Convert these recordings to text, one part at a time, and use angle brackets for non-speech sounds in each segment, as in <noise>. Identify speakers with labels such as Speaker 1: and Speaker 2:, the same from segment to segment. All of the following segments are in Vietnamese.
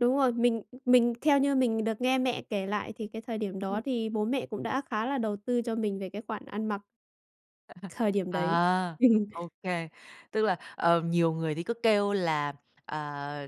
Speaker 1: Đúng rồi. Mình mình theo như mình được nghe mẹ kể lại thì cái thời điểm
Speaker 2: Ừm.
Speaker 1: đó thì bố mẹ cũng đã khá là đầu tư cho mình về cái khoản ăn mặc.
Speaker 2: <laughs>
Speaker 1: Thời điểm đấy.
Speaker 2: À,
Speaker 1: Ừm.
Speaker 2: ô kê, tức là, ờ, nhiều người thì cứ kêu là, à,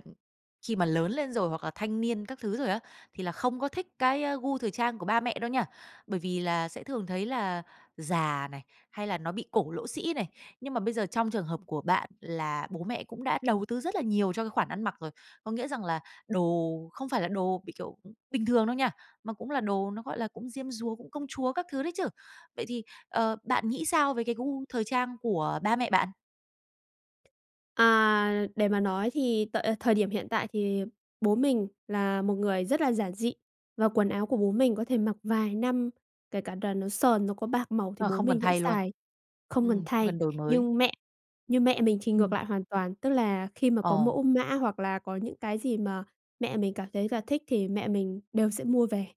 Speaker 2: khi mà lớn lên rồi hoặc là thanh niên các thứ rồi á, thì là không có thích cái gu thời trang của ba mẹ đâu nha. Bởi vì là sẽ thường thấy là già này, hay là nó bị cổ lỗ sĩ này. Nhưng mà bây giờ trong trường hợp của bạn là bố mẹ cũng đã đầu tư rất là nhiều cho cái khoản ăn mặc rồi. Có nghĩa rằng là đồ không phải là đồ bị, kiểu, bình thường đâu nha, mà cũng là đồ nó, gọi là, cũng diêm dúa, cũng công chúa các thứ đấy chứ. Vậy thì, ờ, bạn nghĩ sao về cái gu thời trang của ba mẹ bạn?
Speaker 1: À, để mà nói thì tợi thời điểm hiện tại thì bố mình là một người rất là giản dị, và quần áo của bố mình có thể mặc vài năm, kể cả là nó sờn, nó có bạc màu thì
Speaker 2: Ờ,
Speaker 1: bố
Speaker 2: không cần
Speaker 1: mình vẫn
Speaker 2: thay luôn.
Speaker 1: xài, không cần
Speaker 2: Ừm, không
Speaker 1: thay.
Speaker 2: cần đổi mới.
Speaker 1: Nhưng mẹ nhưng mẹ mình thì ngược
Speaker 2: Ừm.
Speaker 1: lại hoàn toàn, tức là khi mà có
Speaker 2: Ồ.
Speaker 1: mẫu mã, hoặc là có những cái gì mà mẹ mình cảm thấy là thích thì mẹ mình đều sẽ mua về.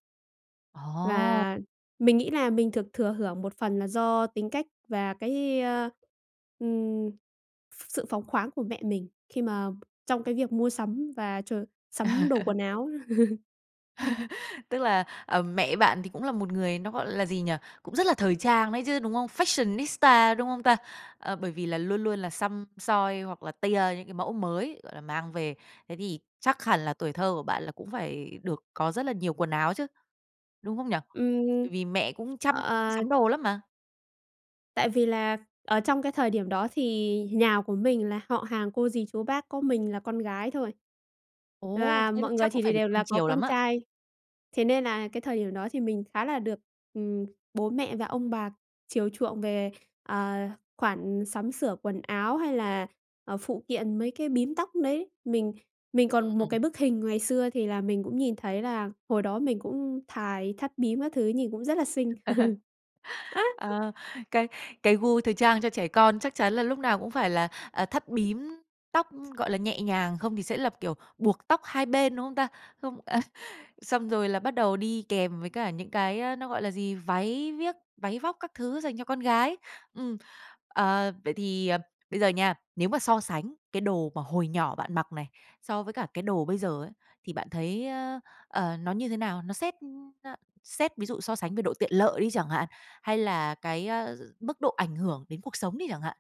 Speaker 2: Ồ.
Speaker 1: Và mình nghĩ là mình được thừa hưởng một phần là do tính cách, và cái, ơ, ừm, s s sự phóng khoáng của mẹ mình khi mà trong cái việc mua sắm và ch sắm đồ
Speaker 2: <laughs>
Speaker 1: quần áo. <chuckles>
Speaker 2: <laughs> Tức là, ờ, mẹ bạn thì cũng là một người, nó, gọi là gì nhỉ, cũng rất là thời trang đấy chứ, đúng hông? Fashionista, đúng hông ta? Ờ, bởi vì là luôn luôn là xăm soi hoặc là tia những cái mẫu mới, gọi là, mang về. Thế thì chắc hẳn là tuổi thơ của bạn là cũng phải được có rất là nhiều quần áo chứ, đúng không nhỉ?
Speaker 1: Ừm,
Speaker 2: Bởi vì mẹ cũng chăm
Speaker 1: à.
Speaker 2: sắm đồ lắm mà.
Speaker 1: Tại vì là ở trong cái thời điểm đó thì nhà của mình là họ hàng, cô, dì, chú, bác có mình là con gái thôi.
Speaker 2: Ồ,
Speaker 1: Và
Speaker 2: thế là
Speaker 1: mọi người
Speaker 2: chắc cũng
Speaker 1: thì
Speaker 2: phải
Speaker 1: đều
Speaker 2: được
Speaker 1: là
Speaker 2: cưng
Speaker 1: có
Speaker 2: chiều lắm
Speaker 1: con
Speaker 2: á?
Speaker 1: trai, thế nên là cái thời điểm đó thì mình khá là được, ừm, bố mẹ và ông bà chiều chuộng về, ờ, khoản sắm sửa quần áo, hay là, ờ, phụ kiện mấy cái bím tóc đấy. Mình mình còn một
Speaker 2: Ừm.
Speaker 1: cái bức hình ngày xưa thì là mình cũng nhìn thấy là hồi đó mình cũng thài thắt bím các thứ nhìn cũng rất là xinh.
Speaker 2: <laughs>
Speaker 1: <chuckles>
Speaker 2: Ờ, cái cái gu thời trang cho trẻ con chắc chắn là lúc nào cũng phải là, ờ, thắt bím tóc, gọi là, nhẹ nhàng, không thì sẽ là kiểu buộc tóc hai bên, đúng không ta? Không à, xong rồi là bắt đầu đi kèm với cả những cái, ơ, nó gọi là gì, váy viếc, váy vóc các thứ dành cho con gái. Ừm, ờ, vậy thì, ờ, bây giờ nha, nếu mà so sánh cái đồ mà hồi nhỏ bạn mặc này so với cả cái đồ bây giờ ấy, thì bạn thấy, ơ, ờ, nó như thế nào? Nó xét, ơ, xét ví dụ so sánh về độ tiện lợi đi chẳng hạn, hay là cái, a, mức độ ảnh hưởng đến cuộc sống đi chẳng hạn?